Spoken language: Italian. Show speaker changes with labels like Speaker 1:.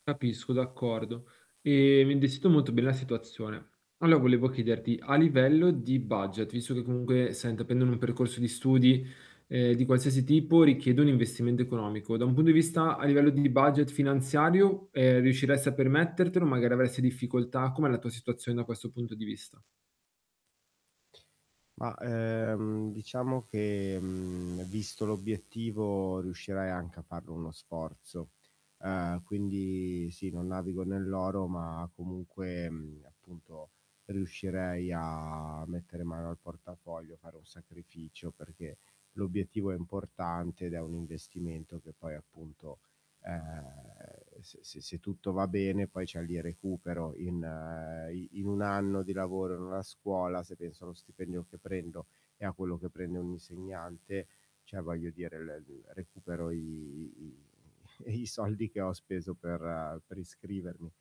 Speaker 1: Capisco d'accordo, ehm, mi [unintelligible] per la situazione. Allo volevo chiederti a livello di budget visto che comunque sai intraprendere un percorso di studi, ehm, di qualsiasi tipo, richiede un investimento economico. Da un punto di vista a livello di budget finanziario, ehm, riusciresti a permettertelo? Magari avresti difficoltà? Com'è la tua situazione da questo punto di vista?
Speaker 2: Ma, ehm, diciamo che visto l'obiettivo riuscirai anche a farlo uno sforzo. Ehm, quindi sì, non navigo nell'oro ma comunque appunto riuscirei a mettere mano al portafoglio, fare un sacrificio perché l'obiettivo è importante ed è un investimento che poi appunto, ehm, se se se tutto va bene poi, cioè lì recupero in in 1 anno di lavoro in una scuola, se penso allo stipendio che prendo e a quello che prende un insegnante, cioè, voglio dire l recupero i i i soldi che ho speso per per iscrivermi.